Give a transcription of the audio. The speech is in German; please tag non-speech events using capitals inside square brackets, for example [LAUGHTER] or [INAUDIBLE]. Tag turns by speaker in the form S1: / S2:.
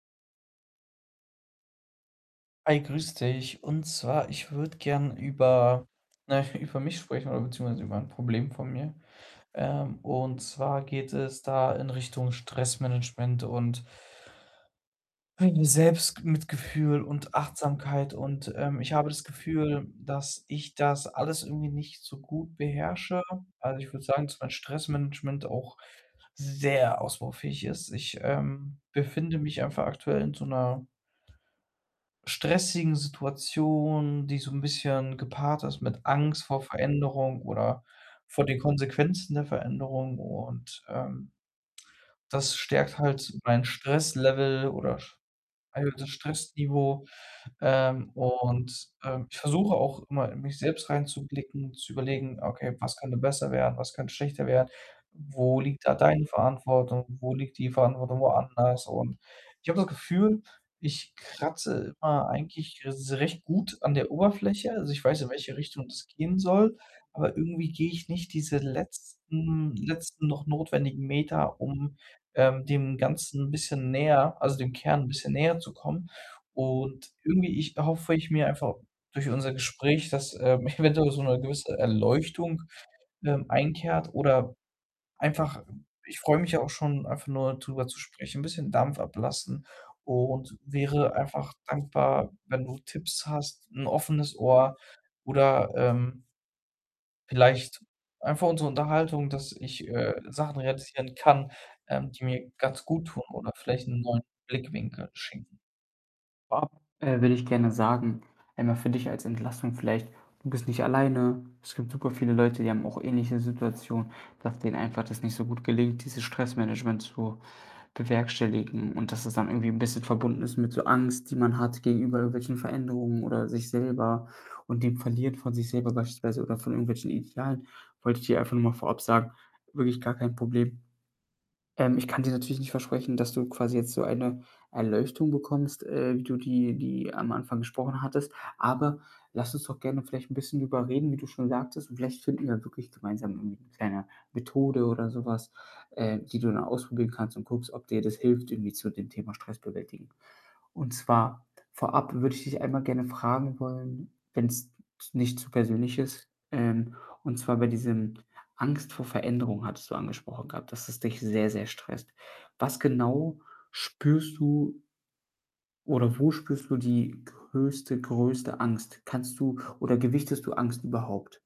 S1: Hi, grüß dich, und zwar ich würde gerne über, na ja, über mich sprechen oder beziehungsweise über 'n Problem von mir. Ähm, und zwar geht es da in Richtung Stressmanagement und meine Selbstg mitgefühl und Achtsamkeit und, ähm, ich habe das Gefühl, dass ich das alles irgendwie nicht so gut beherrsche. Also, ich würde sagen, dass mein Stressmanagement auch sehr ausbaufähig ist. Ich, ähm, befinde mich einfach aktuell in so 'ner stressigen Situation, die so 'n bisschen gepaart ist mit Angst vor Veränderung oder vor den Konsequenzen der Veränderung und, ähm, das stärkt halt mein Stresslevel oder [SIGHS] ein gewisses Stressniveau. Ähm, und, ähm, ich versuche auch immer, in mich selbst reinzublicken, zu überlegen: „Okay, was könnte besser werden? Was könnte schlechter werden? Wo liegt da deine Verantwortung? Wo liegt die Verantwortung woanders?“ Und ich habe das Gefühl, ich kratze immer eigentlich s recht gut an der Oberfläche. Also, ich weiß, in welche Richtung das gehen soll, aber irgendwie gehe ich nicht diese letzten letzten noch notwendigen Meter, um, ähm, dem Ganzen 'n bisschen näher also, dem Kern 'n bisschen näher zu kommen und irgendwie, ich erhoffe ich mir einfach durch unser Gespräch, dass, ähm, eventuell so 'ne gewisse Erleuchtung, ähm, einkehrt oder einfach ich freue mich ja auch schon, einfach nur drüber zu sprechen, 'n bisschen Dampf ablassen und wäre einfach dankbar, wenn du Tipps hast, 'n offenes Ohr oder, ähm vielleicht einfach unsere Unterhaltung, dass ich, äh, Sachen realisieren kann, ähm, die mir ganz guttun oder vielleicht 'n neuen Blickwinkel schenken.
S2: Ja, äh, würde ich gerne sagen, einmal für dich als Entlastung vielleicht, du bist nicht alleine. Es gibt superviele Leute, die haben auch ähnliche Situationen, dass denen einfach das nicht so gut gelingt, dieses Stressmanagement zu bewerkstelligen und dass es dann irgendwie 'n bisschen verbunden ist mit so Angst, die man hat gegenüber irgendwelchen Veränderungen oder sich selber und den verliert von sich selber beispielsweise oder von irgendwelchen Idealen. Wollte ich dir einfach nur mal vorab sagen, wirklich gar kein Problem. Ähm, ich kann dir natürlich nicht versprechen, dass du quasi jetzt so eine Erleuchtung bekommst, äh, wie du die die am Anfang gesprochen hattest. Aber lass uns doch gerne vielleicht 'n bisschen drüber reden, wie du schon sagtest und vielleicht finden wir wirklich gemeinsam irgendwie 'ne kleine Methode oder so was, äh, die du dann ausprobieren kannst und guckst, ob dir das hilft irgendwie zu dem Thema Stressbewältigung und zwar vorab würde ich dich einmal gerne fragen wollen, wenn's z nicht zu persönlich ist, ähm, und zwar bei diesem Angst vor Veränderung hattest du angesprochen gehabt, dass es dich sehr, sehr stresst. Was genau spürst du oder wo spürst du die größte größte Angst? Kannst du oder gewichtest du Angst überhaupt?